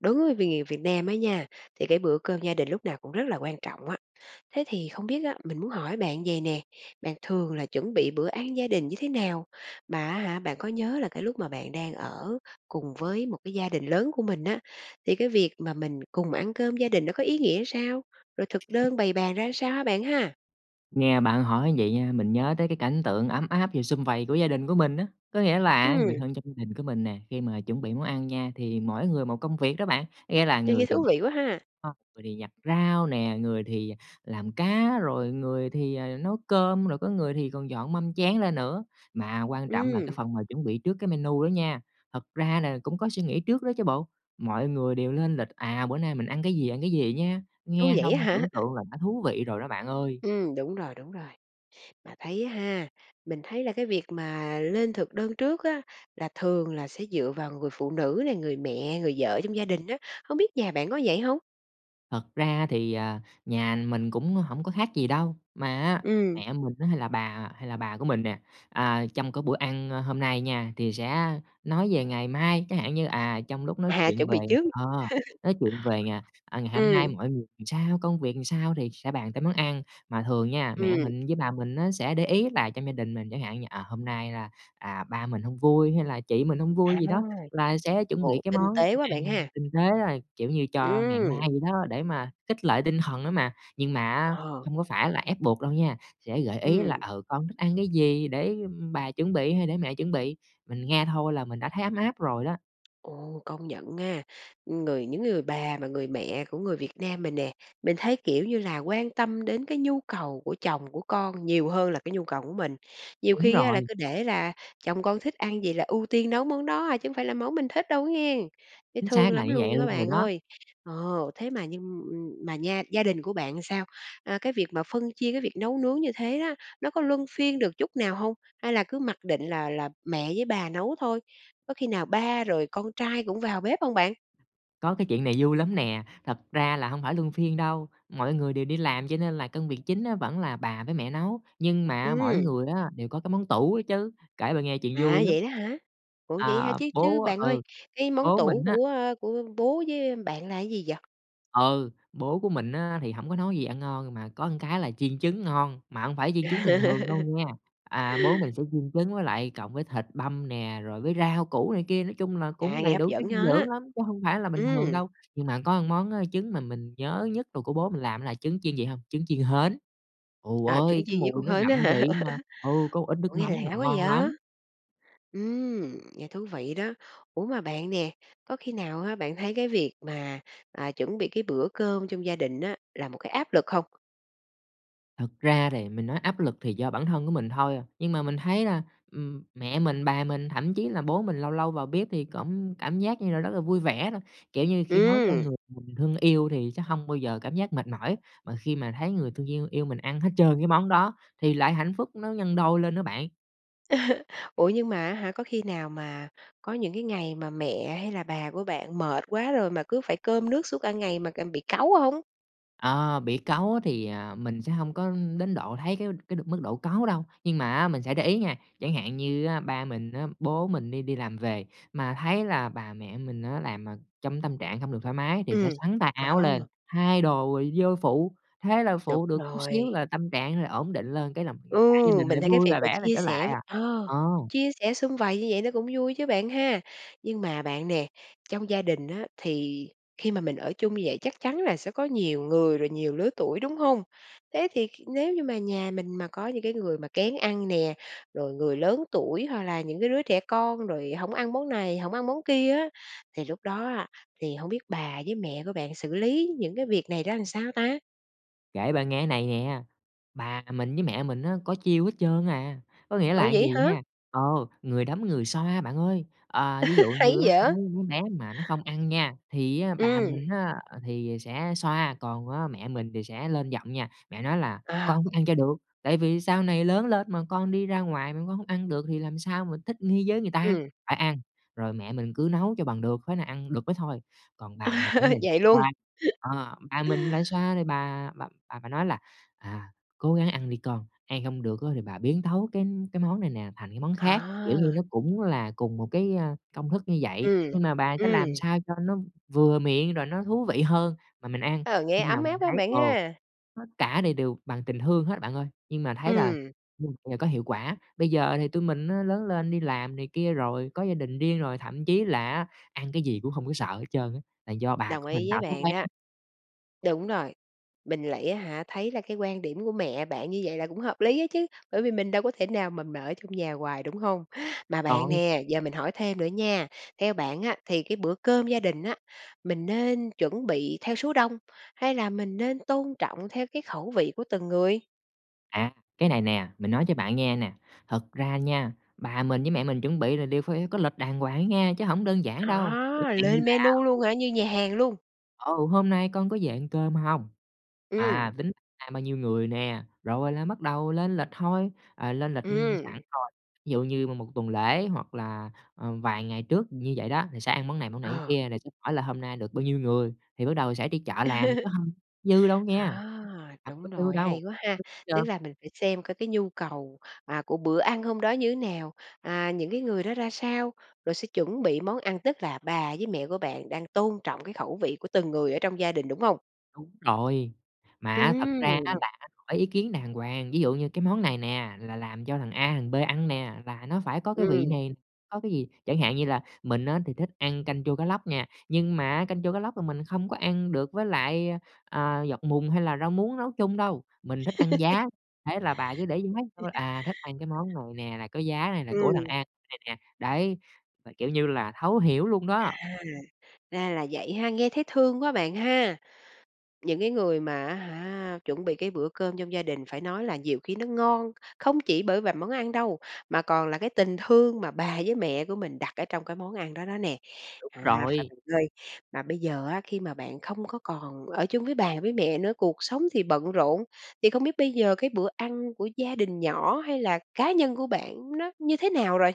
Đối với người Vì Việt Nam á nha, thì cái bữa cơm gia đình lúc nào cũng rất là quan trọng á, thế thì không biết á, mình muốn hỏi bạn vầy nè, bạn thường là chuẩn bị bữa ăn gia đình như thế nào? Mà á hả, bạn có nhớ là cái lúc mà bạn đang ở cùng với một cái gia đình lớn của mình á, thì cái việc mà mình cùng ăn cơm gia đình nó có ý nghĩa sao? Rồi thực đơn bày bàn ra sao ha bạn ha? Nghe bạn hỏi vậy nha, mình nhớ tới cái cảnh tượng ấm áp, nhiều sum vầy của gia đình của mình á. Có nghĩa là người Ừm. thân trong gia đình của mình nè khi mà chuẩn bị món ăn nha thì mỗi người một công việc đó bạn. Nghĩa là Nghe người nghe thì thú vị quá ha. [unintelligible] người thì giặt rau nè, người thì làm cá, rồi người thì, à, nấu cơm, rồi có người thì còn dọn mâm chén lên nữa, mà quan trọng là cái Ừm. phần mà chuẩn bị trước cái menu đó nha. Thật ra là cũng có suy nghĩ trước đó chứ bộ, mọi người đều lên lịch, à, bữa nay mình ăn cái gì, ăn cái gì nhá, Ôi, nghe vậy xong á hả? tưởng tượng là đã thú vị rồi đó bạn ơi. Ừm, đúng rồi, đúng rồi. Mà thấy ha, mình thấy là cái việc mà lên thực đơn trước á, là thường là sẽ dựa vào người phụ nữ nè, người mẹ, người vợ trong gia đình á, không biết nhà bạn có vậy hông? Thật ra thì, à, nhà mình cũng hổng có khác gì đâu. Mà á, Ừm. mẹ mình á hay là bà hay là bà của mình nè, à, trong cái bữa ăn, a, hôm nay nha thì sẽ nói về ngày mai. Chẳng hạn như, à, trong lúc nói À, chuyện chuẩn về, bị trước. ờ, nói chuyện về, à, ngày hôm Ừm. nay mọi làm sao, công việc làm sao thì sẽ bàn tới món ăn, mà thường nha mẹ Ừm. mình với bà mình á sẽ để ý là trong gia đình mình chẳng hạn như, ờ, hôm nay là, à, ba mình hông vui, hay là chị mình hông vui À, gì đó, là sẽ chuẩn bị ồ, cái tinh món tế quá ăn bạn ha! tinh tế, rồi kiểu như, cho ngày mai Ừm. vậy đó để mà khích lệ tinh thần đó mà. Nhưng mà á, Ồ! không có phải là ép buộc đâu nha, sẽ gợi ý là Ừm. "Ừ, con thích ăn cái gì để bà chuẩn bị?" hay "để mẹ chuẩn bị", mình nghe thôi là mình đã thấy ấm áp rồi đó. Ồ, công nhận nga, người những người bà mà người mẹ của người Việt Nam mình nè, mình thấy, kiểu như là, quan tâm đến cái nhu cầu của chồng, của con nhiều hơn là cái nhu cầu của mình. Nhiều Đúng khi á là rồi. cứ để là chồng con thích ăn gì là ưu tiên nấu món đó à, chứ hông phải là món mình thích đâu nghe, thấy Chính thương xác là lắm như vậy luôn á luôn rồi bạn đó. ơi! Ờ, thế mà nhưng, ừm, mà nha gia đình của bạn sao? À, cái việc mà phân chia cái việc nấu nướng như thế á, nó có luân phiên được chút nào hông? Hay là cứ mặc định là là mẹ với bà nấu thôi, có khi nào ba rồi con trai cũng vào bếp hông bạn? Có cái chuyện này vui lắm nè. Thật ra là hông phải luân phiên đâu, mọi người đều đi làm cho nên là công việc chính á vẫn là bà với mẹ nấu, nhưng mà mỗi Ừm. người á đều có cái món tủ ấy chứ. Kể bà nghe chuyện vui À, lắm. vậy đó hả? Ủa vậy hả, À, chứ chứ bố bạn ơi, ừ, cái món bố tủ mình á của, a, của bố với bạn là gì vậy? ừ, bố của mình á, thì hổng có nấu gì ngon, mà có cái là chiên trứng ngon, mà hông phải chiên trứng À. bình thường đâu nghe. À, bố mình sẽ chiên trứng với lại cộng với thịt băm nè, rồi với rau củ này kia, nói chung là cũng À, nghe đầy hấp đủ chất dẫn dinh đó! dưỡng lắm chứ hông phải là bình thường Ừm. đâu. Nhưng mà một có món, á, trứng mà mình nhớ nhất đồ của bố mình làm là trứng chiên gì hông? Trứng chiên hến, ù À, trứng ơi, chiên cái với con mùi nó hến á đậm hả? vị mà ừ, có một ít nước Ủa, nghe mắm lạ quá n vậy? ngon lắm! Ừm, nghe thú vị đó. Ủa mà bạn nè, có khi nào á, bạn thấy cái việc mà, à, chuẩn bị cái bữa cơm trong gia đình á là một cái áp lực không? Thật ra thì mình nói áp lực thì do bản thân của mình thôi à. Nhưng mà mình thấy là, ừm, mẹ mình, bà mình, thậm chí là bố mình lâu lâu vào bếp thì cũng cảm giác như là rất là vui vẻ thôi, kiểu như, khi nấu cho Ừm. người mình thương yêu thì sẽ hông bao giờ cảm giác mệt mỏi mà khi mà thấy người mình thương yêu yêu mình ăn hết trơn cái món đó thì lại hạnh phúc nó nhân đôi lên nữa bạn. Ủa nhưng mà á hả, có khi nào mà có những cái ngày mà mẹ hay là bà của bạn mệt quá rồi, mà cứ phải cơm nước suốt cả ngày mà c bị cáu hông? Ờ, bị cáu á thì, à, mình sẽ hông có đến độ thấy cái cái được mức độ cáu đâu. Nhưng mà á mình sẽ để ý nha, chẳng hạn như á ba mình á, bố mình đi đi làm về mà thấy là bà, mẹ mình á làm, ờ, trong tâm trạng hông được thoải mái thì sẽ Ừm, xắn tay áo lên ờ. thay đồ rồi vô phụ, thế là Đúng phụ được chút xíu rồi. là tâm trạng là ổn định lên cái là cả gia Ừ, đình lại mình thấy cái vui việc và mà vẻ lại chia trở sẽ lại à, ờ, ờ. chia sẻ sum vầy như vậy nó cũng vui chứ bạn ha. Nhưng mà bạn nè, trong gia đình á, thì khi mà mình ở chung như vậy chắc chắn là sẽ có nhiều người rồi nhiều lứa tuổi, đúng hông? Thế thì kh nếu như mà nhà mình mà có những cái người mà kén ăn nè, rồi người lớn tuổi hoặc là những cái đứa trẻ con, rồi hổng ăn món này, hổng ăn món kia á, thì lúc đó á, thì hông biết bà với mẹ của bạn xử lý những cái việc này ra làm sao ta? Kể bạn nghe á này nè, bà mình với mẹ mình á có chiêu hết trơn à, có nghĩa Ủa là vậy vầy hả? nha, ờ, người đấm, người xoa bạn ơi. À, ví dụ Hay như á, vậy! mấy đứa bé mà nó không ăn nha, thì á bà Ừm. mình á thì sẽ xoa, còn á mẹ mình thì sẽ lên giọng nha. Mẹ nói là À. "Con phải ăn cho được, tại vì sau này lớn lên mà con đi ra ngoài mà con hông ăn được thì làm sao mà thích nghi với người ta, Ừm. phải ăn!", rồi mẹ mình cứ nấu cho bằng được, tới nào ăn được mới thôi. Còn bà mình á thì lại Vậy luôn. xoa, ờ, bà mình lại xoa thì bà bà bà phải nói là "À, cố gắng ăn đi con, ăn hông được thì bà biến tấu cái cái món này nè thành cái món khác.", kiểu như À. nó cũng là cùng một cái, a, công thức như vậy Ừm, nhưng mà bà có ừm. làm sao cho nó vừa miệng rồi nó thú vị hơn mà mình ăn, Ờ, nghe nhưng mà ấm áp mình quá thấy, bạn ờ, ha. tất cả này đều bằng tình thương hết bạn ơi, nhưng mà thấy là Ừm. ừm, là có hiệu quả. Bây giờ thì tụi mình á lớn lên đi làm này kia rồi, có gia đình riêng rồi, thậm chí là á, ăn cái gì cũng hông có sợ hết trơn á, là do bà của Đồng mình ý với tạo thói bạn quen. đó! Đúng rồi, mình lại á hả, thấy là cái quan điểm của mẹ bạn như vậy là cũng hợp lý á chứ bởi vì mình đâu có thể nào mà mà ở chung nhà hoài, đúng hông? Mà bạn Rồi. nè, giờ mình hỏi thêm nữa nha! Theo bạn á, thì cái bữa cơm gia đình á, mình nên chuẩn bị theo số đông, hay là mình nên tôn trọng theo cái khẩu vị của từng người? À, cái này nè, mình nói cho bạn nghe nè. Thật ra nha, bà mình với mẹ mình chuẩn bị là đều phải có lịch đàng hoàng á nha, chứ hổng đơn giản đâu. Chẳng À, hạn như lên là menu luôn [unintelligible] hả? Như nhà hàng luôn? "Ừ, hôm nay con có về ăn cơm hông?" Ừm. À, tính ra bao nhiêu người nè, rồi là bắt đầu lên lịch thôi, à, lên lịch, ưm, sẳn Ừm. rồi. Ví dụ như một một tuần lễ hoặc là, ừm, vài ngày trước như vậy đó thì sẽ ăn món này, món này, món Ờ. kia, rồi sẽ hỏi là "hôm nay được bao nhiêu người" thì bắt đầu sẽ đi chợ làm, chứ hông dư đâu nghe À, hông có đúng dư rồi, đâu hay quá ha! Tức trơn. là mình phải xem coi cái nhu cầu, à, của bữa ăn hôm đó như thế nào, à, những cái người đó ra sao, rồi sẽ chuẩn bị món ăn. Tức là bà với mẹ của bạn đang tôn trọng cái khẩu vị của từng người ở trong gia đình, đúng hông? Đúng rồi, mà á thật ra á Ừm. là hỏi ý kiến đàng hoàng. Ví dụ như cái món này nè là làm cho thằng A, thằng B ăn nè là nó phải có cái vị Ừm. này, có cái gì. Chẳng hạn như là mình á, thì thích ăn canh chua cá lóc nha, nhưng mà á canh chua cá lóc là mình không có ăn được với lại, a, à, dọc mùng hay là rau muống nấu chung đâu, mình thích ăn giá, thế là bà cứ để giá thôi, à, thích ăn cái món này nè là có giá này là của thằng Ừm. A nè. Đấy, là kiểu như là, thấu hiểu luôn đó. À, ra là vậy ha, nghe thấy thương quá bạn ha! Những cái người mà á hả, chuẩn bị cái bữa cơm trong gia đình phải nói là nhiều khi nó ngon không chỉ bởi vài món ăn đâu, mà còn là cái tình thương mà bà với mẹ của mình đặt ở trong cái món ăn đó đó nè. Đúng À, phà rồi. bạn ơi, mà bây giờ á, khi bạn không có còn ở chung với bà với mẹ nữa, cuộc sống thì bận rộn, thì không biết bây giờ cái bữa ăn của gia đình nhỏ hay là cá nhân của bạn nó như thế nào rồi?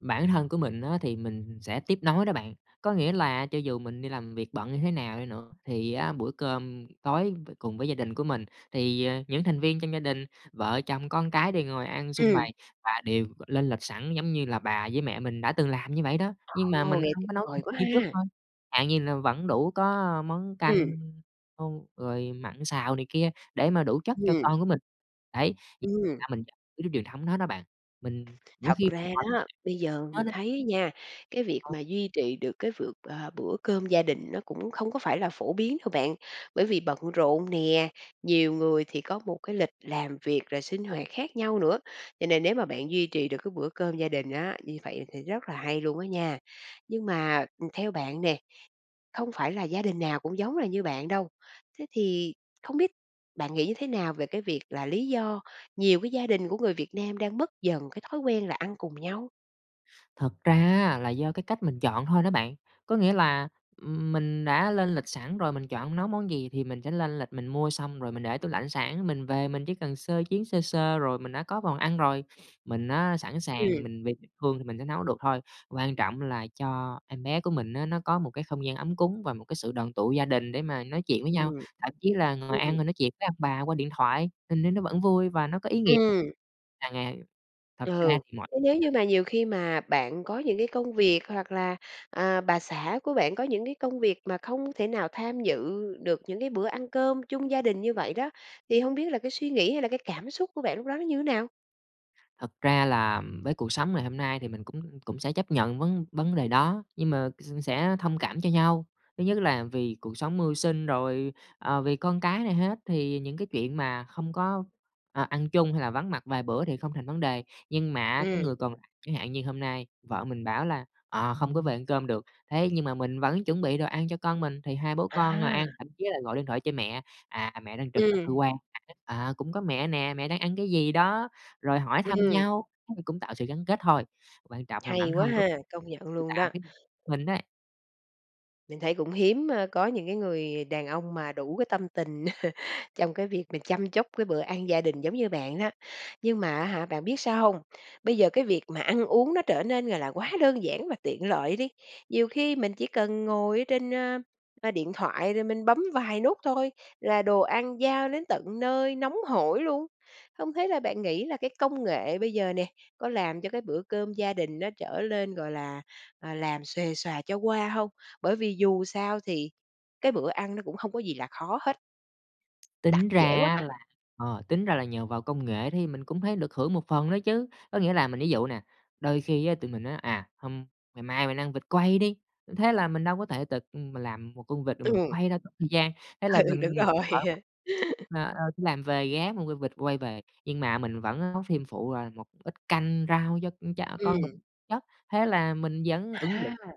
Bản thân của mình á, thì mình sẽ tiếp nối đó bạn. Có nghĩa là cho dù mình đi làm việc bận như thế nào đi nữa, thì á bữa cơm tối t cùng với gia đình của mình, thì, à, những thành viên trong gia đình, vợ, chồng, con cái đều ngồi ăn sum Ừm. vầy và đều lên lịch sẵn giống như là bà với mẹ mình đã từng làm như vậy đó. Nhưng mà Ồ! mình Nghe hông tuyệt có nấu được vời quá như trước ha! thôi, chẳng hạn như là vẫn đủ có món canh, Ừm. hu rồi mặn, xào này kia, để mà đủ chất cho Ừm. con của mình. Đấy, thì Ừm. ra mình giữ cái truyền thống đó đó bạn, mình mỗi Thật khi ra đó, bây giờ mình [unintelligible] thấy á nha, cái việc [unintelligible] mà duy trì được cái vượt, à, bữa cơm gia đình nó cũng không có phải là phổ biến đâu bạn, bởi vì bận rộn nè, nhiều người thì có một cái lịch làm việc rồi sinh hoạt khác nhau nữa. Cho nên nếu mà bạn duy trì được cái bữa cơm gia đình á, như vậy thì rất là hay luôn á nha! Nhưng mà, ừm, theo bạn nè, không phải là gia đình nào cũng giống là như bạn đâu, thế thì không biết bạn nghĩ như thế nào về cái việc là lý do nhiều cái gia đình của người Việt Nam đang mất dần cái thói quen là ăn cùng nhau? Thật ra á, là do cái cách mình chọn thôi đó bạn. Có nghĩa là, ừm, mình đã lên lịch sẵn rồi, mình chọn nấu món gì thì mình sẽ lên lịch mình mua xong rồi mình để tủ lạnh sẵn, mình về mình chỉ cần sơ chiến sơ sơ rồi mình đã có phần ăn rồi. Mình á sẵn sàng, Ừm. mình vì tình thương mình sẽ nấu được thôi, quan trọng là cho em bé của mình á, nó có một cái không gian ấm cúng và một cái sự đoàn tụ gia đình để mà nói chuyện với nhau. Ừm, Thậm chí là ngồi ăn ừm. rồi nói chuyện với ông bà qua điện thoại mình thấy nó vẫn vui và nó có ý nghĩa. Ừm. À, ng thật ra Ừ, thì mỗi chứ nếu như mà nhiều khi mà bạn có những cái công việc hoặc là, à, bà xã của bạn có những cái công việc mà không thể nào tham dự được những cái bữa ăn cơm chung gia đình như vậy đó, thì hông biết là cái suy nghĩ hay là cái cảm xúc của bạn lúc đó nó như nào? Thật ra là, ừm, với cuộc sống ngày hôm nay thì mình cũng cũng sẽ chấp nhận vấn vấn đề đó, nhưng mà s sẽ thông cảm cho nhau. Thứ nhất là vì cuộc sống mưu sinh, rồi, à, vì con cái này hết, thì những cái chuyện mà không có, à, ăn chung hay vắng mặt vài bữa thì không thành vấn đề. Nhưng mà á, cái Ừm. người còn lại chẳng hạn như hôm nay vợ mình bảo là "Ờ, không có về cơm được." Thế nhưng mà mình vẫn chuẩn bị đồ ăn cho con mình, thì hai bố con ngồi ăn À. thậm chí là gọi điện thoại cho mẹ, "à, mẹ đang trực ở cơ Ừm. quan [unintelligible] à, cũng có mẹ nè, mẹ đang ăn cái gì đó?" Rồi hỏi thăm Ừm. nhau nó cũng tạo sự gắn kết thôi, quan trọng là bản Hay quá thân của ha, công nhận luôn đó! [unintelligible] mình đấy. Mình thấy cũng hiếm, a, có những cái người đàn ông mà đủ cái tâm tình trong cái việc mà chăm chút cái bữa ăn gia đình giống như bạn đó. Nhưng mà, á hả, bạn biết sao hông? Bây giờ cái việc mà ăn uống nó trở nên là là quá đơn giản và tiện lợi đi. Nhiều khi mình chỉ cần ngồi ở trên, a, a, điện thoại rồi mình bấm vài nút thôi là đồ ăn giao đến tận nơi nóng hổi luôn, không thế là bạn nghĩ là cái công nghệ bây giờ nè có làm cho cái bữa cơm gia đình nó trở lên, gọi là, à, làm xuề xòa cho qua hông? Bởi vì dù sao thì cái bữa ăn nó cũng hông có gì là khó hết. Đặt Tính ra dễ quá á, mà. là ờ, tính ra là nhờ vào công nghệ thì mình cũng thấy được hưởng một phần nữa chứ. Có nghĩa là mình ví dụ nè, đôi khi á, tụi mình nói: "À, hôm ngày mai mình ăn vịt quay đi!" thế là mình đâu có thể tự, ưm, mà làm một con vịt rồi mình Ừm. quay đâu, tốn thời gian, thế là Ừ, ừ, đúng mình rồi. ờ, ờ, đi làm về ghé mua v vịt quay về, nhưng mà mình vẫn nấu thêm phụ là một ít canh rau cho con tr con Ừm. mình chất, thế là mình vẫn ứng dụng À.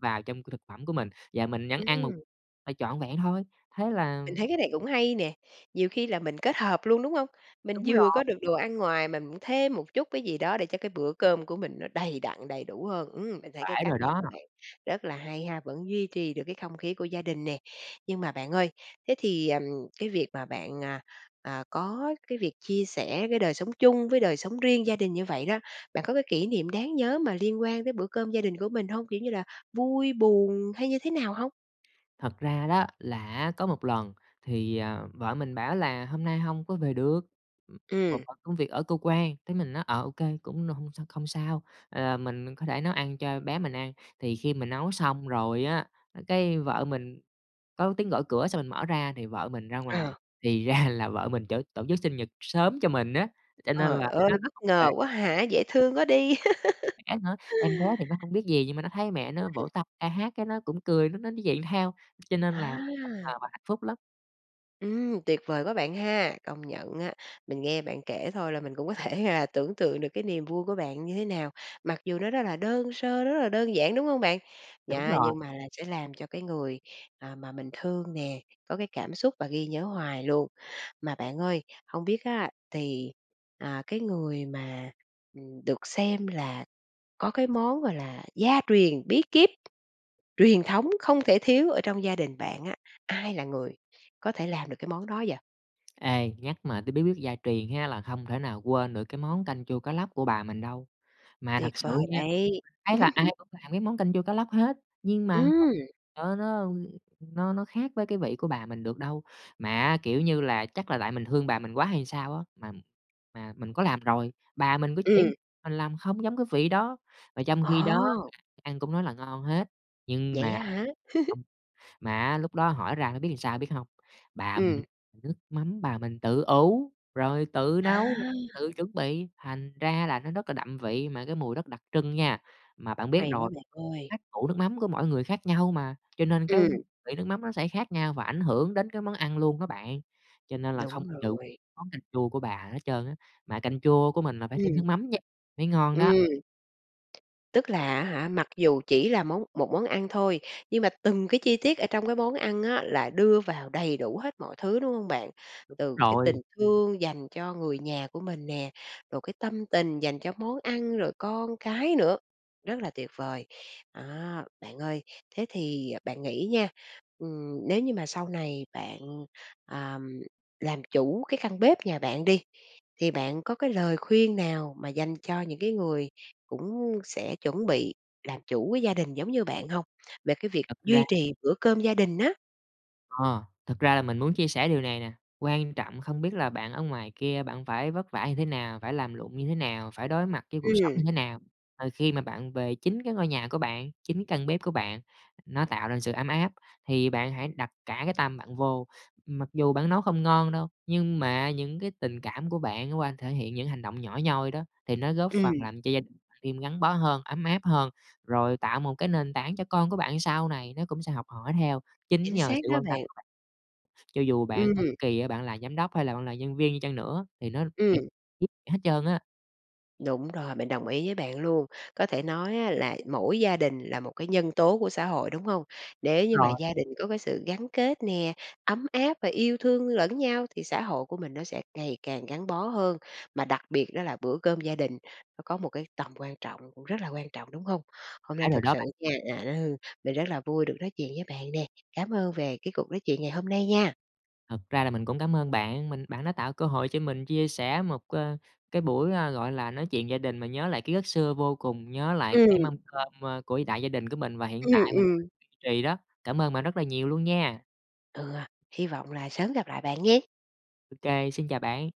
vào trong cái thực phẩm của mình và mình vẫn ăn một Ừm. là trọn vẹn thôi. Thế là, Mình ừm thấy cái này cũng hay nè, nhiều khi là mình kết hợp luôn, đúng hông? Mình Đúng vừa rồi. có được đồ ăn ngoài mà mình thêm một chút cái gì đó để cho cái bữa cơm của mình nó đầy đặn, đầy đủ hơn, ưm, mình thấy cái Phải cách rồi này đó. của bạn rất là hay ha, vẫn duy trì được cái không khí của gia đình nè. Nhưng mà bạn ơi, thế thì, ừm, cái việc mà bạn, à, à, có cái việc chia sẻ cái đời sống chung với đời sống riêng gia đình như vậy đó, bạn có cái kỷ niệm đáng nhớ mà liên quan đến bữa cơm gia đình của mình hông? Kiểu như là vui, buồn hay như thế nào hông? Thật ra đó, là á có một lần thì, à, vợ mình bảo là "hôm nay hông có về được một Ừm. phần công việc ở cơ quan". Thế mình nói: "Ờ, ô kê, cũng n hông sao không sao.", à, mình có thể nấu ăn cho bé mình ăn. Thì khi mình nấu xong rồi á, cái vợ mình có tiếng gõ cửa xong mình mở ra thì vợ mình ra Ờ. ngoài, thì ra là vợ mình chở tổ chức sinh nhật sớm cho mình á, cho nên là Trời mới ơi! nói là Bất hông về. ngờ quá hả? Dễ thương quá đi! Ờ, [unintelligible] em bé thì nó không biết gì, nhưng mà nó thấy mẹ nó vỗ Ừm. tay, ca hát cái nó cũng cười, nó nó dậy theo, cho nên là bất ngờ À. và hạnh phúc lắm! Ừm, Tuyệt vời quá bạn ha! Công nhận á, mình nghe bạn kể thôi là mình cũng có thể là tưởng tượng được cái niềm vui của bạn như thế nào, mặc dù nó rất là đơn sơ, rất là đơn giản, đúng hông bạn? Đúng Yeah, rồi. nhưng mà là sẽ làm cho cái người, à, mà mình thương nè có cái cảm xúc và ghi nhớ hoài luôn. Mà bạn ơi, hông biết á, thì, à, cái người mà, ừm, được xem là có cái món, gọi là, gia truyền bí kíp, truyền thống không thể thiếu ở trong gia đình bạn á, ai là người có thể làm được cái món đó vậy? Ê, nhắc mà tới bí quyết gia truyền ha là không thể nào quên được cái món canh chua cá lóc của bà mình đâu. Mà thật Tuyệt sự vời nha, đấy! mình thấy là ai cũng làm món canh chua cá lóc hết, nhưng mà Ứm. ờ, nó, ưm, nó nó khác với cái vị của bà mình được đâu. Mà á kiểu như là chắc là tại mình thương bà mình quá hay sao á, mà mà mình có làm rồi, bà mình có chỉ, Ừm. mình làm không giống cái vị đó, mà trong khi đó là Ồ! ai ăn cũng nói là ngon hết, nhưng Vậy mà á hả? không mà á lúc đó hỏi ra mới biết làm sao biết hông? Bà mình Ừm. nước mắm bà mình tự ủ, rồi tự nấu, À! tự chuẩn bị, thành ra là nó rất đậm vị mà cái mùi rất đặc trưng nha. Mà bạn biết Hay quá rồi, bạn ơi! cách ủ nước mắm của mỗi người khác nhau mà, cho nên cái Ừm. vị nước mắm nó sẽ khác nhau và ảnh hưởng đến cái món ăn luôn á bạn. Cho nên là không Đúng có vụ rồi. món canh chua của bà hà hết trơn á, mà canh chua của mình mà phải thêm nước Ừm. mắm nha, mới ngon đó. Ừm. Tức là á hả mặc dù chỉ là món một món ăn thôi, nhưng mà từng cái chi tiết ở trong món ăn á là đưa vào đầy đủ hết mọi thứ, đúng hông bạn? Đúng Từ cái tình rồi. thương dành cho người nhà của mình nè, rồi cái tâm tình dành cho món ăn, rồi con cái nữa. Rất là tuyệt vời! À, bạn ơi, thế thì bạn nghĩ nha, ừm, nếu như mà sau này bạn, à, làm chủ cái căn bếp nhà bạn đi, thì bạn có cái lời khuyên nào mà dành cho những cái người cũng sẽ chuẩn bị làm chủ cái gia đình giống như bạn hông? Về cái việc Thật duy ra trì bữa cơm gia đình á. Ờ. Thật ra là mình muốn chia sẻ điều này nè. Quan trọng không biết là bạn ở ngoài kia bạn phải vất vả như thế nào, phải làm lụng như thế nào, phải đối mặt với cuộc sống Ừm. như thế nào. Ờ, khi mà bạn về chính cái ngôi nhà của bạn, chính căn bếp của bạn, nó tạo ra sự ấm áp, thì bạn hãy đặt cả cái tâm bạn vô. Mặc dù bạn nấu không ngon đâu, nhưng mà những tình cảm của bạn qua thể hiện những hành động nhỏ nhoi đó, thì nó góp phần Ừm. làm cho gia đình bạn thêm gắn bó hơn, ấm áp hơn, rồi tạo một cái nền tảng cho con của bạn sau này, nó cũng sẽ học hỏi theo chính Chính nhờ xác sự đó quan tâm bạn. của bạn. Cho dù bạn bất Ừm. kỳ á, bạn là giám đốc, hay bạn là nhân viên đi chăng nữa thì nó [unintelligible] Ừm. giúp hết trơn á. Đúng rồi, mình đồng ý với bạn luôn. Có thể nói á là mỗi gia đình là một cái nhân tố của xã hội, đúng hông? Nếu như mà Ờ. gia đình có sự gắn kết nè, ấm áp và yêu thương lẫn nhau thì xã hội của mình nó sẽ ngày càng gắn bó hơn, mà đặc biệt đó là bữa cơm gia đình nó có một cái tầm quan trọng, cũng rất quan trọng, đúng hông? Hôm nay Phải rồi thật đó bạn. sự nha, à, ừ, mình rất là vui được nói chuyện với bạn nè. Cám ơn về cuộc nói chuyện ngày hôm nay nha! Thật ra là mình cũng cám ơn bạn, mình bạn đã tạo cơ hội cho mình chia sẻ một, ơ, cái buổi, a, gọi là, nói chuyện gia đình, mà nhớ lại ký ức xưa vô cùng, nhớ lại Ừm. cái mâm cơm, ơ, của đại gia đình của mình và hiện Ừm, tại mình vẫn ừm. duy trì đó. Cảm ơn bạn rất là nhiều luôn nha! Ừ. Hy vọng là sớm gặp lại bạn nghen! OK, xin chào bạn!